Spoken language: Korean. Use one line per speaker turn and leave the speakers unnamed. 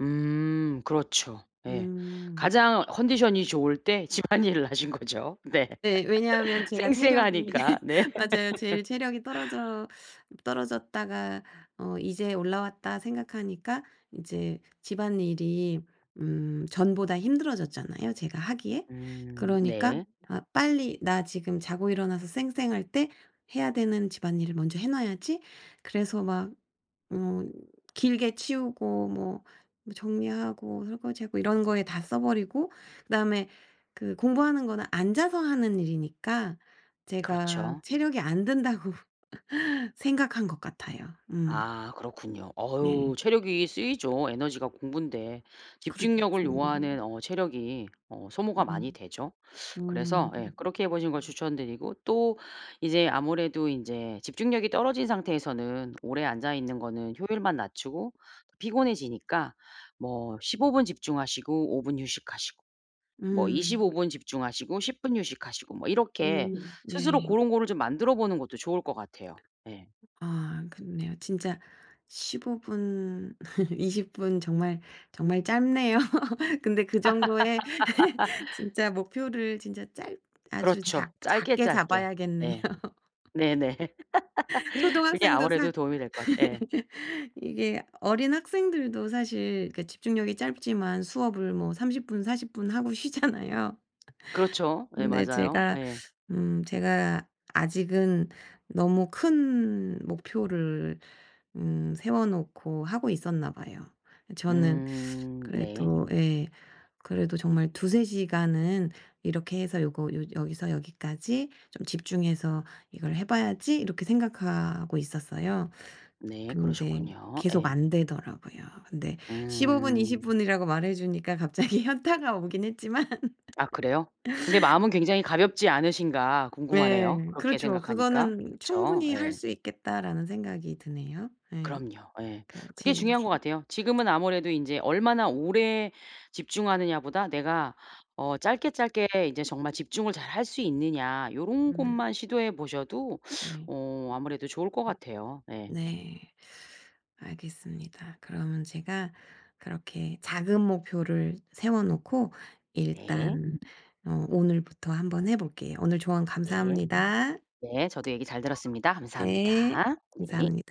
음, 그렇죠. 예.
음.
가장 컨디션이 좋을 때 집안일을 하신 거죠. 네.
네. 왜냐하면 제가 체력이
쌩쌩하니까. 네.
맞아요. 제일 체력이 떨어져 떨어졌다가 어 '이제 올라왔다.' 생각하니까 이제 집안일이 음 전보다 힘들어졌잖아요, 제가 하기에.
음
그러니까
네.
'아 빨리 나 지금 자고 일어나서 쌩쌩할 때 해야 되는 집안일을 먼저 해 놔야지.' 그래서 막 어 길게 치우고 뭐 정리하고 설거지하고 이런 거에 다 써 버리고 그다음에 그 공부하는 거는 앉아서 하는 일이니까 제가
그렇죠.
체력이 안 된다고 생각한 것 같아요. 음.
아 그렇군요.
네.
어유 체력이 쓰이죠, 에너지가 공부인데.
그렇죠.
집중력을 요하는 어 체력이 어 소모가
음.
많이 되죠.
음.
그래서 예,
음.
그렇게 해 보시는 걸 추천 드리고. 또 이제 아무래도 인제 집중력이 떨어진 상태에서는 오래 앉아 있는 거는 효율만 낮추고 피곤해지니까 뭐 15 분 집중하시고 5 분 휴식하시고, 뭐 25
음.
분 집중하시고 10 분 휴식하시고. 뭐 이렇게
음
스스로
네.
고런 거를 좀 만들어 보는 것도 좋을 것 같아요. 예.
아 그렇네요. 진짜 15 분 20 분 정말 정말 짧네요. 근데 그 정도의 진짜 목표를 진짜 짧 아주
그렇죠.
작
짧게
작게
짧게.
잡아야겠네요.
예. 네네. 그게
초등학생도 사
아무래도 도움이 될 것 같아요. 예.
이게 어린 학생들도 사실 그 집중력이 짧지만 수업을 뭐 30 분 40 분 하고 쉬잖아요.
그렇죠. 예
근데
맞아요.
제가
예.
음 제가 아직은 너무 큰 목표를 음 세워 놓고 하고 있었나 봐요. 저는
음 네.
그래도 예. 그래도 정말 '2-3 시간은 이렇게 해서 요거 요 여기서 여기까지 좀 집중해서 이걸 해 봐야지.' 이렇게 생각하고 있었어요.
네,
근데
그러셨군요.
계속
예.
안 되더라고요. 근데 15 분 20
음.
분이라고 말해 주니까 갑자기 현타가 오긴 했지만
아 그래요? 근데 마음은 굉장히 가볍지 않으신가 궁금하네요.
네,
그렇게
그렇죠.
생각하니까.
'그거는
그쵸?
충분히 할
예.
수 있겠다.'라는 생각이 드네요. 예.
그럼요. 예.
그러니까
그게
제
중요한
이제
것 같아요. 지금은 아무래도 인제 '얼마나 오래 집중하느냐.'보다 '내가 어 짧게 짧게 이제 정말 집중을 잘 할 수 있느냐.' 요런
좋아요.
것만 시도해 보셔도
네.
어 아무래도 좋을 것 같아요. 예.
네. 알겠습니다. 그러면 제가 그렇게 작은 목표를 세워 놓고
네.
일단 어 오늘부터 한번 해 볼게요. 오늘 조언
네.
감사합니다.
네, 저도 얘기 잘 들었습니다.
네.
감사합니다. 네.
감사합니다.